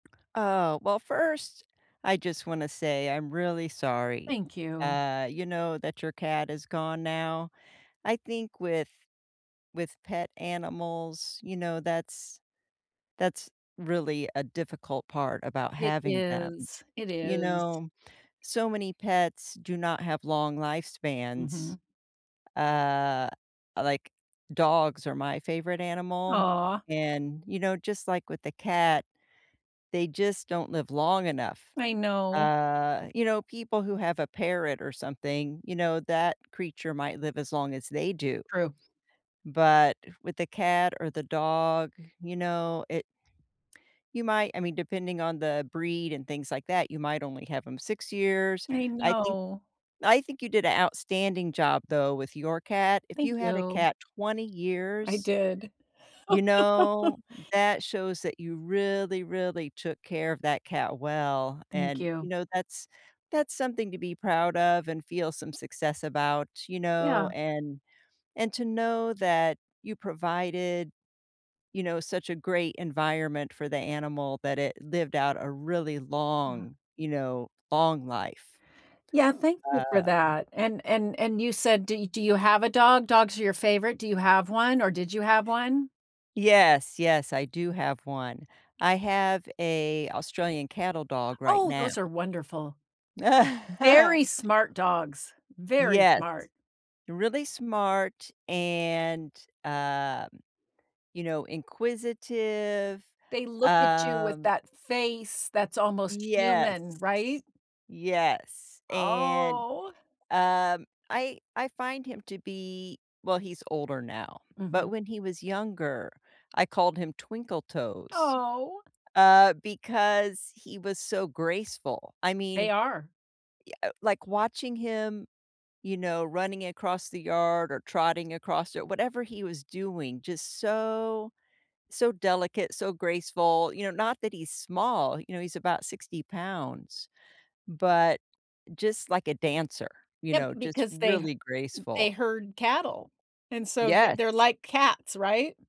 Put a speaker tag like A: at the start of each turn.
A: Oh. Well, first, I just wanna say I'm really sorry.
B: Thank you.
A: Uh, you know, that your cat is gone now. I think with with pet animals, you know, that's that's really a difficult part about
B: It
A: having them.
B: is. It
A: You
B: is.
A: know, so many pets do not have long lifespans.
B: Mhm.
A: Uh, like, dogs are my favorite animal,
B: Aw.
A: and, you know, just like with the cat, they just don't live long enough.
B: I know.
A: Uh, you know, people who have a parrot or something, you know, that creature might live as long as they do,
B: True.
A: but with the cat or the dog, you know, it you might I mean, depending on the breed and things like that, you might only have 'em 6 years.
B: I
A: I think
B: know.
A: I think you did a outstanding job, though, with your cat. If
B: Thank
A: you had a
B: you.
A: cat 20
B: I
A: years
B: did.
A: you know, that shows that you really, really took care of that cat well,
B: Thank
A: and, you
B: you.
A: know, that's that's something to be proud of and feel some success about, you know,
B: Yeah.
A: and and to know that you provided, you know, such a great environment for the animal that it lived out a really
B: Yeah.
A: long, you know, long life.
B: Yeah, thank you for
A: Uh
B: that, and and and you said, do do you have a dog? Dogs are your favorite. Do you have one, or did you have one?
A: Yes. Yes, I do have 1. I have a Australian cattle dog right
B: Oh,
A: now.
B: those are wonderful. Very smart dogs. Very
A: Yes.
B: smart.
A: Really smart and, um, you know, inquisitive.
B: They look at you with
A: Um
B: that face that's almost
A: Yes.
B: human, right?
A: Yes, and,
B: Oh.
A: um, I I find him to be well, he's older now, but
B: Mhm.
A: when he was younger, I called him Twinkle Toes,
B: Oh.
A: uh, because he was so graceful. I
B: They
A: mean,
B: are.
A: y uh, like watching him, you know, running across the yard or trotting across it, whatever he was doing, just so so delicate, so graceful. You know, not that he's small. You know, he's about 60 pounds, but just like a dancer. You
B: Yep,
A: know? Just
B: because they h
A: really graceful.
B: they herd cattle, and so they they're
A: Yes.
B: like cats, right?